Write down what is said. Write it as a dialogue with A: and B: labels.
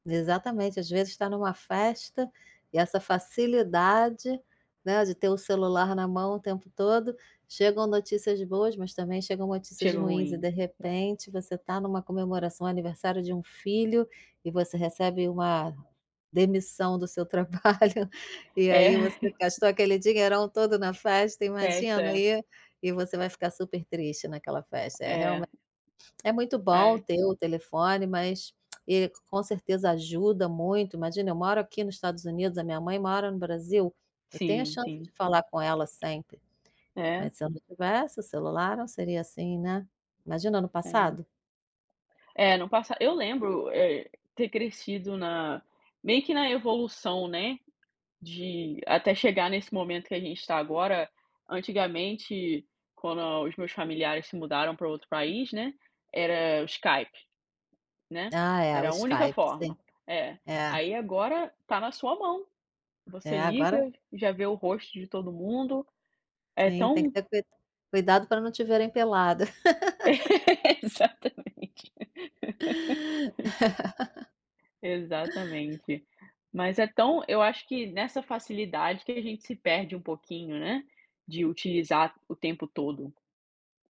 A: Exatamente. Às vezes está em uma festa, e essa facilidade, né, de ter o celular na mão o tempo todo. Chegam notícias boas, mas também chegam notícias
B: Cheiro
A: ruins, e
B: ruim.
A: de repente, você está em uma comemoração, aniversário de um filho, e você recebe uma demissão do seu trabalho, e
B: É.
A: aí, você gastou aquele dinheirão todo na festa,
B: Festa,
A: imagina,
B: é.
A: e e você vai ficar supertriste naquela festa. É,
B: É.
A: realme é muito bom
B: Ai.
A: ter o telefone, mas e com certeza ajuda muito. Imagina, eu moro aqui no Estados Unidos, a minha mãe mora no Brasil, eu tenho a
B: Sim,
A: chance de
B: sim.
A: falar com ela sempre.
B: É.
A: Mas se eu não tivesse o celular, não seria assim, né. Imagina no
B: É.
A: passado.
B: É, no passa eu lembro, eh, ter crescido na meio que na evolução, né, de até chegar nesse momento que a gente está agora, antigamente, quando os meus familiares se mudaram para outro país, né, era o Skype, né.
A: Ah é, o
B: Era a única
A: Skype. Sim.
B: forma. É.
A: É.
B: Aí agora, está na sua mão. Você
A: É, agora
B: liga e já vê o rosto de todo mundo. É
A: Sim, tem que
B: tão
A: ter cuida cuidado para não te verem pelada.
B: Exatamente Exatamente. Mas é tão eu acho que nessa facilidade que a gente se perde um pouquinho, né, de utilizar o tempo todo.